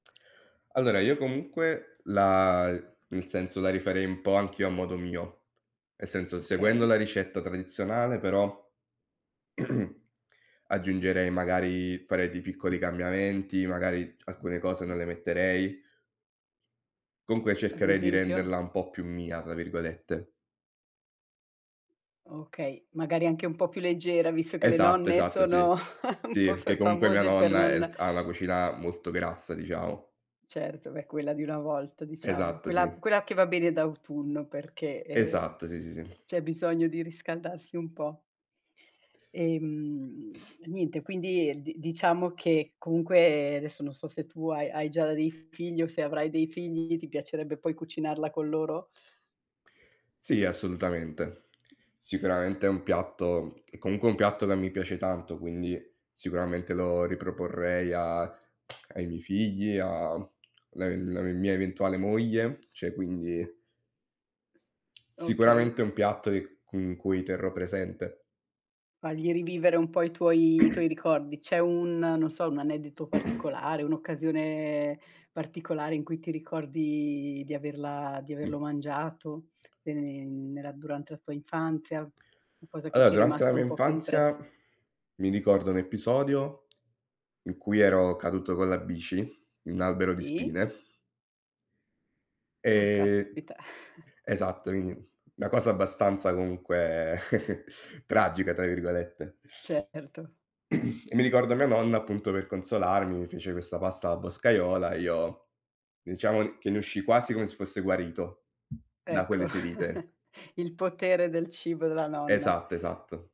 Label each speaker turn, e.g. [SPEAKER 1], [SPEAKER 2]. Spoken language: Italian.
[SPEAKER 1] Allora io comunque la e nel senso, la rifarei un po' anch'io a modo mio, e senso seguendo
[SPEAKER 2] Okay.
[SPEAKER 1] la ricetta tradizionale, però aggiungerei magari farei pi piccoli cambiamenti, magari c alcune cose non le metterei. Comunque
[SPEAKER 2] Ad
[SPEAKER 1] cercherei di
[SPEAKER 2] esempio?
[SPEAKER 1] renderla un po' più "mia" tra virgolette.
[SPEAKER 2] Okay, magari anche un po' più leggera visto che le
[SPEAKER 1] Esatto,
[SPEAKER 2] nonne
[SPEAKER 1] esatto
[SPEAKER 2] sono
[SPEAKER 1] sì.
[SPEAKER 2] un
[SPEAKER 1] Sì e
[SPEAKER 2] po' f
[SPEAKER 1] perché comunque mia
[SPEAKER 2] famose per
[SPEAKER 1] nonna, ehm, l
[SPEAKER 2] non
[SPEAKER 1] s ha la cucina molto grassa diciamo.
[SPEAKER 2] Certo, beh, quella di una volta diciamo,
[SPEAKER 1] Esatto, sì.
[SPEAKER 2] quella quella che va bene d'autunno perché, ehm
[SPEAKER 1] Esatto. Sì, sì, sì.
[SPEAKER 2] c'è bisogno di riscaldarsi un po'. Ehm, e niente, quindi di diciamo che comunque adesso non so se tu hai hai già dei figli o se avrai dei figli, ti piacerebbe poi cucinarla con loro?
[SPEAKER 1] Sì, assolutamente. Sicuramente è un piatto è comunque un piatto che mi piace tanto, quindi sicuramente lo riproporrei a ai miei figli, a, mhmm, le le mia eventuale moglie, cioè quindi
[SPEAKER 2] Okay.
[SPEAKER 1] Sicuramente è un piatto e con cui terrò presente.
[SPEAKER 2] Fagli rivivere un po' i tuoi i tuoi ricordi. C'è un non so un aneddoto particolare, un'occasione particolare in cui ti ricordi di averla di averlo
[SPEAKER 1] Mh.
[SPEAKER 2] mangiato, ehm, nella durante la tua infanzia, qualcosa che
[SPEAKER 1] Allora
[SPEAKER 2] ti è
[SPEAKER 1] durante la
[SPEAKER 2] rimasta
[SPEAKER 1] mia
[SPEAKER 2] un po' più
[SPEAKER 1] infanzia,
[SPEAKER 2] impressa?
[SPEAKER 1] mi ricordo un episodio in cui ero caduto con la bici in un albero di
[SPEAKER 2] Sì.
[SPEAKER 1] spine.
[SPEAKER 2] Ah,
[SPEAKER 1] Ehm
[SPEAKER 2] caspita
[SPEAKER 1] esatto, in 'na cosa abbastanza comunque "tragica" tra virgolette.
[SPEAKER 2] Certo.
[SPEAKER 1] E mi ricordo mia nonna appunto per consolarmi, mi fece questa pasta alla boscaiola, e io diciamo che ne uscì quasi come se fosse guarito da quelle
[SPEAKER 2] Ecco
[SPEAKER 1] ferite.
[SPEAKER 2] il potere del cibo della nonna.
[SPEAKER 1] Esatto, esatto.